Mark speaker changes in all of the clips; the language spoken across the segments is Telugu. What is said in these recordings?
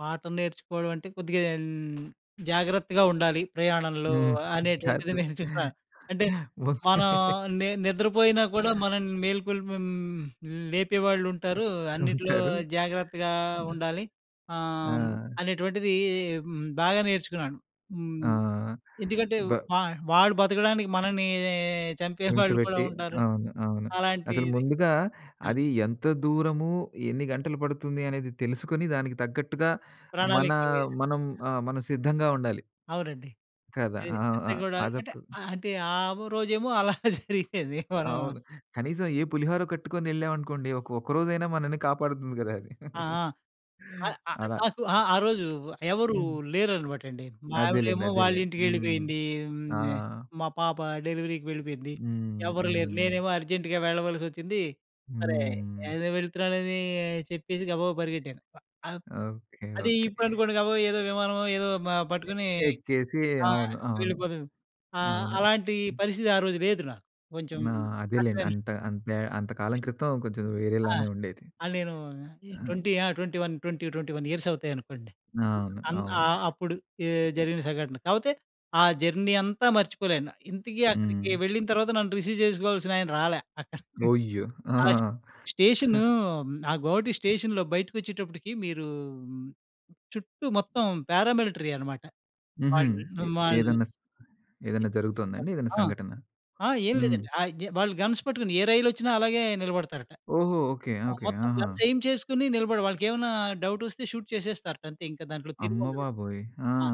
Speaker 1: పాఠం నేర్చుకోవడం అంటే కొద్దిగా హ్మ్, జాగ్రత్తగా ఉండాలి ప్రయాణంలో
Speaker 2: హ్మ్. చాలు
Speaker 1: అనేటువంటిది నేర్చుకున్నాను. అంటే
Speaker 2: వస్తే
Speaker 1: మనం ని నిద్రపోయినా గుడా మనల్ని మేల్కొల్పే హ్మ్, లేపే వాళ్ళుంటారు. అన్నిట్లో
Speaker 2: ఉంటారు.
Speaker 1: జాగ్రత్తగా ఉండాలి. ఆహ్, హ్మ్,
Speaker 2: ఆ!
Speaker 1: అనేటువంటిది హ్మ్, బాగా నేర్చుకున్నాను. హ్మ్.
Speaker 2: ఆ!
Speaker 1: ఎందుకంటే
Speaker 2: బ
Speaker 1: వా వాడు బతకడానికి మనల్ని చంపే
Speaker 2: హింస
Speaker 1: వాళ్ళు కూడా
Speaker 2: పెట్టి,
Speaker 1: ఉంటారు
Speaker 2: అవును అవును. అసలు
Speaker 1: అలాంటిది.
Speaker 2: ముందుగా
Speaker 1: ఆ
Speaker 2: అది ఎంత దూరము? ఎన్ని గంటలు పడుతుంది? అనేది తెలుసుకొని దానికి తగ్గట్టుగా మన
Speaker 1: ప్రణాళిక వేసి
Speaker 2: మనం ఆ! మనం సిద్ధంగా ఉండాలి.
Speaker 1: అవునండి.
Speaker 2: కదా!
Speaker 1: ఏ
Speaker 2: ఆ! ఆ!
Speaker 1: పెద్దగుడాయ్
Speaker 2: అదొక
Speaker 1: అంటే అంటే ఆ రోజేమో అలా జరిగేది. మనం
Speaker 2: అవును. కనీసం ఏ పులిహారో కట్టుకొని ఎళ్ళాం అనుకోండి ఒక ఒక్కరోజైనా మనల్ని కాపాడుకోం గదా!
Speaker 1: ఆ! ఆ! ఆ
Speaker 2: అలా!
Speaker 1: నాకు ఆహ్, ఆరోజు ఎవరు
Speaker 2: హ్మ్.
Speaker 1: లేరనమాటండి. మా ఆవిడ
Speaker 2: అదేలెండి,
Speaker 1: ఏమో వాళ్ళ
Speaker 2: అదేలెండి. హ్మ్.
Speaker 1: ఇంటికెళ్ళిపోయింది.
Speaker 2: ఆ!
Speaker 1: హ్మ్, మా పాప డెలివరీకి వెళ్ళిపోయింది.
Speaker 2: హ్మ్,
Speaker 1: ఎవరు లేరు.
Speaker 2: హ్మ్.
Speaker 1: నేనేమో అర్జెంట్‌గా వెళ్ళవలసొచ్చింది. సరే
Speaker 2: హ్మ్.
Speaker 1: ఎదో వెళ్తున్నానని చెప్పేసి గబగబా పరిగెట్టాను. ఆహ్,
Speaker 2: ఓకె,
Speaker 1: అది
Speaker 2: ఓకె.
Speaker 1: ఇప్పుడనుకోండి గబగబా ఏదో విమానమో మ ఏదో పట్టుకుని
Speaker 2: ఎక్కేసి
Speaker 1: ఆహ్,
Speaker 2: అవును. అవును.
Speaker 1: వెళ్ళిపోతున్నం. ఆహ్,
Speaker 2: అవును.
Speaker 1: అలాంటి పరిస్థితి ఆ రోజు లేదు నాకు కొంచెం
Speaker 2: ఆ! అదేలెండి.
Speaker 1: కష్టమేలేండి.
Speaker 2: అంత అంతే అంతకాలం క్రితం కొంచెం
Speaker 1: ఆ!
Speaker 2: వేరేలానే ఉండేది.
Speaker 1: ఆహ్, నేను
Speaker 2: ఆహ్
Speaker 1: 20 ఆ! 20, 20, 21 ఇయర్స్ అవుతాయనుకోండి.
Speaker 2: అవును.
Speaker 1: అన్
Speaker 2: అవును.
Speaker 1: ఆహ్, అప్పుడు జరిగిన సంఘటన. కాకపోతే ఆ జర్నీ అంతా మర్చిపోలేను. ఇంతకి అక్కడికి
Speaker 2: హ్మ్.
Speaker 1: వెళ్ళిన తర్వాత నన్ను రిసీవ్ చేసుకోవాల్సిన ఆయన రాలా అక్కడ.
Speaker 2: ఒయ్యో! ఆ!
Speaker 1: ఆ స్టేషను ఆ గోహటి స్టేషన్‌‌‌లో బయటకచ్చేటప్పటికి మీరు చుట్టూ మొత్తం పారామిలిటరీ అన్మాట.
Speaker 2: హుహు.
Speaker 1: వాళ్ళింట్లో, వాళ్ళు.
Speaker 2: ఏదన్నా స ఏదన్నా జరుగుతోందా అండి? ఏదన్నా
Speaker 1: ఆ!
Speaker 2: సంఘటన?
Speaker 1: ఆ! ఏం
Speaker 2: హ్మ్.
Speaker 1: లేదండి. ఆహ్, వాళ్ళు గన్స్ పట్టుకొని ఏ రైలొచ్చినా అలాగే నిలబడతారట.
Speaker 2: ఓహో! Okay, okay.
Speaker 1: మొత్తం
Speaker 2: ఆహా!
Speaker 1: గన్స్ ఎయిమ్ చేసుకొని నిలబడ వాళ్ళకేమన్నా డౌట్ వస్తే షూట్ చేసేస్తారట. అంతే ఇంకా దాంట్లో తిరుగుండదు.
Speaker 2: అమ్మబాబోయ్! ఆ!
Speaker 1: ఆ!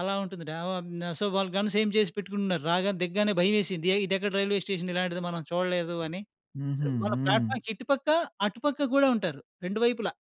Speaker 1: అలా ఉంటుంది. న ఓ న సో వాళ్ళు గన్స్ ఏయిం చేసి పెట్టుకుంటున్నారు. రాగానే దిగగానే భయమేసింది ఏ ఇదెక్కడ రైల్వే స్టేషన్ ఇలాంటిది మనం చూడలేదు అని.
Speaker 2: హుహు.
Speaker 1: మన
Speaker 2: హ్మ్.
Speaker 1: ప్లాట్ఫార్మ్‌కి ఇటుపక్క, అటుపక్క కూడా ఉంటారు 2 వైపులా.